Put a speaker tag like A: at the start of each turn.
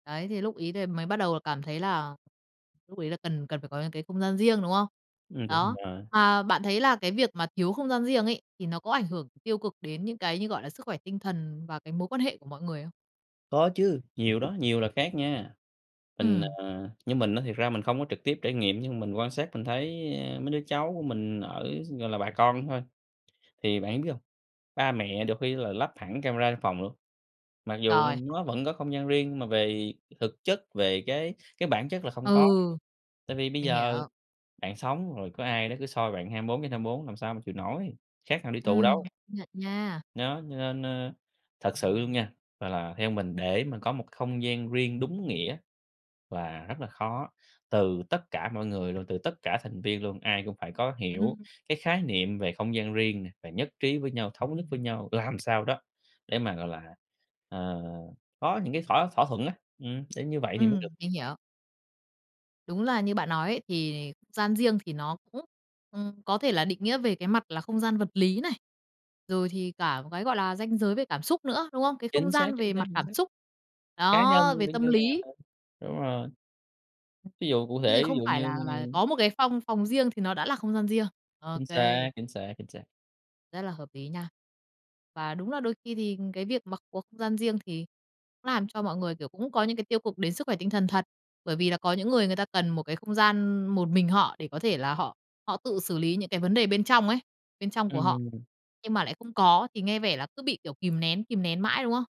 A: Đấy, thì lúc ấy thì mới bắt đầu cảm thấy là lúc ấy là cần cần phải có những cái không gian riêng, đúng không?
B: Ừm, đúng
A: Đó,
B: rồi.
A: mà bạn thấy là cái việc mà thiếu không gian riêng ấy, thì nó có ảnh hưởng tiêu cực đến những cái như, gọi là, sức khỏe tinh thần và cái mối quan hệ của mọi người không?
B: Có chứ, nhiều đó, nhiều là khác nha. Mình,
A: Ừm.
B: ờ, như mình á thiệt ra mình không có trực tiếp trải nghiệm, nhưng mà mình quan sát mình thấy, ơ, mấy đứa cháu của mình ở gọi là bà con thôi, thì bạn biết hông, ba mẹ được khi là lắp hẳn camera trong phòng luôn. Mặc dù, ừ,
A: Trời!
B: nó vẫn có không gian riêng nhưng mà về thực chất, về cái cái bản chất là không có,
A: Ừ.
B: tại vì bây
A: Mình
B: giờ
A: hiểu.
B: bạn sống rồi có ai đó cứ soi bạn 24/24 làm sao mà chịu nổi, khác nào đi tù
A: Ừm.
B: đâu.
A: Công nhận nha.
B: Nó, cho nên, ơ, thật sự luôn nha. Mà là theo mình, để mà có một k không gian riêng đúng nghĩa là rất là khó. Từ tất cả mọi người luôn, từ tất cả thành viên luôn, ai cũng phải có hiểu
A: Ừm.
B: cái khái niệm về không gian riêng nè, và nhất trí với nhau, thống nhất với nhau, làm sao đó để mà, gọi là, ờ, có những cái thỏa thỏa thuận á. Ừm, đến như vậy thì mới
A: Ừm,
B: được.
A: mình hiểu. Đúng là như bạn nói ấy. Thì không gian riêng thì nó cũng, ừm, có thể là định nghĩa về cái mặt là không gian vật lý này, rồi thì cả một cái, gọi là, ranh giới về cảm xúc nữa, đúng không? Cái không
B: Chính xác,
A: gian
B: chính
A: về
B: xác,
A: mặt
B: chính
A: cảm
B: xác.
A: xúc.
B: Cá nhân
A: Đó,
B: cũng
A: về
B: như
A: tâm
B: là,
A: lý.
B: ừ đúng rồi. Ví dụ cụ
A: Thế thì
B: thể, ví
A: không
B: dụ
A: phải
B: như
A: là là có một cái phong phòng riêng thì nó đã là không gian riêng. Ô
B: Chính xác,
A: kê.
B: chính xác, chính xác.
A: Rất là hợp ý nha. Và đúng là đôi khi thì cái việc mà có không gian riêng thì cũng làm cho mọi người, kiểu, cũng có những cái tiêu cực đến sức khỏe tinh thần thật. Bởi vì là có những người người ta cần một cái không gian một mình họ để có thể là họ họ tự xử lý những cái vấn đề bên trong ấy, bên trong của họ,
B: Ừm.
A: nhưng mà lại không có thì nghe vẻ là cứ bị, kiểu, kìm nén, kìm nén mãi, đúng không?